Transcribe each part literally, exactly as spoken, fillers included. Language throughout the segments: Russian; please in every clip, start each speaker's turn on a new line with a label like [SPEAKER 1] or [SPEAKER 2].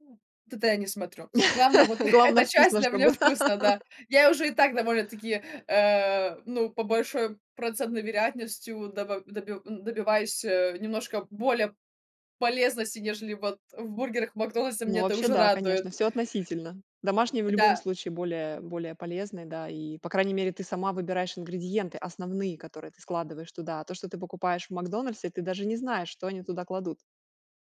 [SPEAKER 1] М, туда я не смотрю. Главное- вот
[SPEAKER 2] Главное,
[SPEAKER 1] эта часть
[SPEAKER 2] вкусно,
[SPEAKER 1] для меня
[SPEAKER 2] чтобы
[SPEAKER 1] вкусно, да. Я уже и так довольно-таки, э, ну, по большой процентной вероятностью, доба доби н добиваюсь, э, немножко более полезности, нежели вот в бургерах "Макдональдса",
[SPEAKER 2] Ну,
[SPEAKER 1] меня это
[SPEAKER 2] вообще,
[SPEAKER 1] уже
[SPEAKER 2] да,
[SPEAKER 1] радует.
[SPEAKER 2] конечно. Всё относительно. Домашние в любом
[SPEAKER 1] Да.
[SPEAKER 2] случае более более полезные, да и, по крайней мере, ты сама выбираешь ингредиенты основные, которые ты складываешь туда. То, что ты покупаешь в "Макдональдсе", ты даже не знаешь, что они туда кладут.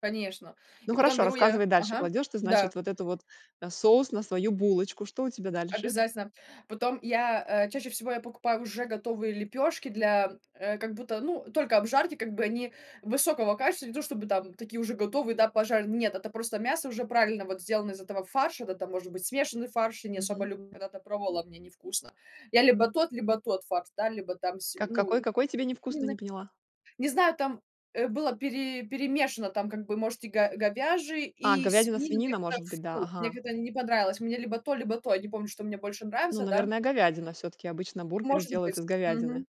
[SPEAKER 1] Конечно,
[SPEAKER 2] Ну,
[SPEAKER 1] и потом
[SPEAKER 2] хорошо,
[SPEAKER 1] беру я
[SPEAKER 2] рассказывай дальше.
[SPEAKER 1] ага,
[SPEAKER 2] Кладёшь ты,
[SPEAKER 1] да.
[SPEAKER 2] значит, вот эту вот, э, соус на свою булочку. Что у тебя дальше?
[SPEAKER 1] Обязательно. Потом я, э, чаще всего я покупаю уже готовые лепёшки для, э, как будто, ну, только обжарьте, как бы они высокого качества, не то чтобы там такие уже готовые, да, пожарь. Нет, это просто мясо уже правильно вот сделано из этого фарша, да, там может быть смешанный фарш, я не особо
[SPEAKER 2] Мгм.
[SPEAKER 1] люблю, когда-то пробовала, мне невкусно. Я либо тот, либо тот фарш, да, либо там с
[SPEAKER 2] Как
[SPEAKER 1] ну,
[SPEAKER 2] какой какой тебе невкусный, не
[SPEAKER 1] ины,
[SPEAKER 2] поняла?
[SPEAKER 1] не знаю там, э, было пере перемешано, там как бы может и го говяжий,
[SPEAKER 2] А,
[SPEAKER 1] и
[SPEAKER 2] говядина,
[SPEAKER 1] свинину, мне
[SPEAKER 2] свинина,
[SPEAKER 1] как-то,
[SPEAKER 2] может быть, да.
[SPEAKER 1] фу, мне
[SPEAKER 2] Ага.
[SPEAKER 1] как-то не понравилось, мне либо то, либо то. Не помню, что мне больше
[SPEAKER 2] Ну,
[SPEAKER 1] нравится. Да?
[SPEAKER 2] наверное, говядина всё-таки. Обычно бургеры
[SPEAKER 1] Может
[SPEAKER 2] делают
[SPEAKER 1] быть.
[SPEAKER 2] из говядины.
[SPEAKER 1] Мгм,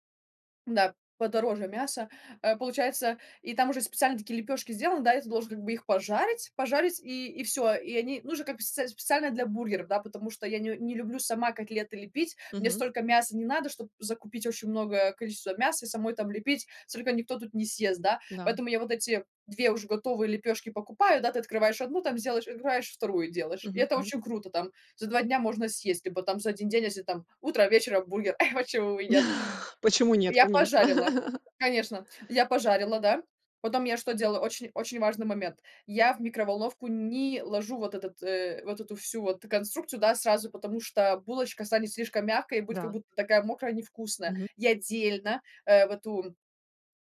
[SPEAKER 1] да, подороже мясо, э, получается, и там уже специальные такие лепешки сделаны, да, и ты должен как бы их пожарить пожарить и и всё, и они, ну, уже как бы сц с специально для бургеров, да, потому что я н не люблю сама котлеты лепить, мне
[SPEAKER 2] Мгм.
[SPEAKER 1] столько мяса не надо, чтоб закупить очень многое количество мяса и самой там лепить, столько никто тут не съест, да,
[SPEAKER 2] Да.
[SPEAKER 1] поэтому я вот эти две уже готовые лепёшки покупаю, да, ты открываешь одну, там сделаешь, открываешь вторую, делаешь, и
[SPEAKER 2] Мгм,
[SPEAKER 1] это
[SPEAKER 2] мгм.
[SPEAKER 1] очень круто, там за два дня можно съесть. Либо там за один день, если там утро, вечером бургер, почему бы и нет?
[SPEAKER 2] Почему нет?
[SPEAKER 1] Я
[SPEAKER 2] Конечно.
[SPEAKER 1] пожарила, конечно, я пожарила, да. Потом я что делала? Очень-очень важный момент: я в микроволновку не ложу вот этот, э, вот эту всю вот конструкцию, да, сразу, потому что булочка станет слишком мягкая и будет как
[SPEAKER 2] Да.
[SPEAKER 1] будто такая мокрая, невкусная.
[SPEAKER 2] Мгм.
[SPEAKER 1] Я отдельно, э, в эту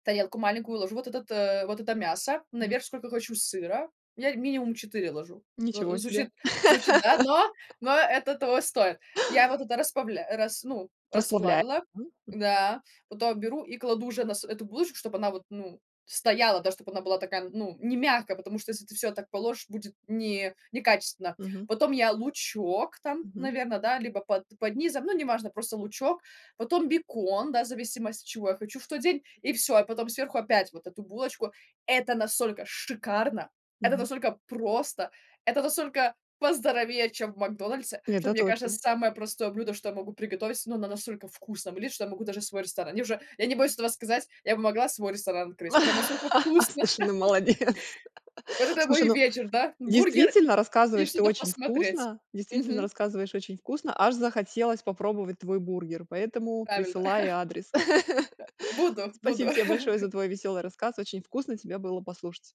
[SPEAKER 1] тарелку маленькую ложу вот этот, э, вот это мясо,
[SPEAKER 2] Мгм.
[SPEAKER 1] наверх сколько хочу сыра, я минимум четыре ложу.
[SPEAKER 2] Ничего
[SPEAKER 1] Ну,
[SPEAKER 2] себе.
[SPEAKER 1] звучит звучит, да, но но это того стоит. Я вот это распавля э, рас ну,
[SPEAKER 2] Расплавляем.
[SPEAKER 1] расплавила,
[SPEAKER 2] М.
[SPEAKER 1] да. Потом беру и кладу уже на с эту булочку, чтобы она вот, ну, стояла, да, чтобы она была такая, ну, не мягкая, потому что
[SPEAKER 2] Мгм.
[SPEAKER 1] если ты всё так положишь, будет не некачественно.
[SPEAKER 2] Мгм.
[SPEAKER 1] Потом я лучок там,
[SPEAKER 2] Мгм.
[SPEAKER 1] наверное, да, либо под под низом, ну, неважно, просто лучок, потом бекон, да, в зависимости, чего я хочу в тот день, и всё, а потом сверху опять вот эту булочку. Это настолько шикарно, это
[SPEAKER 2] Мгм.
[SPEAKER 1] настолько просто, это настолько поздоровее, чем в "Макдональдсе", что,
[SPEAKER 2] Это
[SPEAKER 1] мне кажется,
[SPEAKER 2] точно.
[SPEAKER 1] самое простое блюдо, что я могу приготовить, но оно настолько вкусное будет, что я могу даже свой ресторан Мне уже я не боюсь этого сказать, я бы могла свой ресторан открыть, оно настолько вкусно!
[SPEAKER 2] Слушай, ну, молодец.
[SPEAKER 1] Вот это мой
[SPEAKER 2] Слушай, ну,
[SPEAKER 1] вечер, да. Бургер
[SPEAKER 2] действительно
[SPEAKER 1] и
[SPEAKER 2] рассказываешь ты
[SPEAKER 1] что-то
[SPEAKER 2] очень
[SPEAKER 1] посмотреть.
[SPEAKER 2] вкусно действительно
[SPEAKER 1] Мгм.
[SPEAKER 2] рассказываешь очень вкусно. Аж захотелось попробовать твой бургер, поэтому
[SPEAKER 1] Правильно.
[SPEAKER 2] присылай адрес.
[SPEAKER 1] Да. Буду, буду.
[SPEAKER 2] Спасибо тебе большое за твой весёлый рассказ. Очень вкусно тебя было послушать.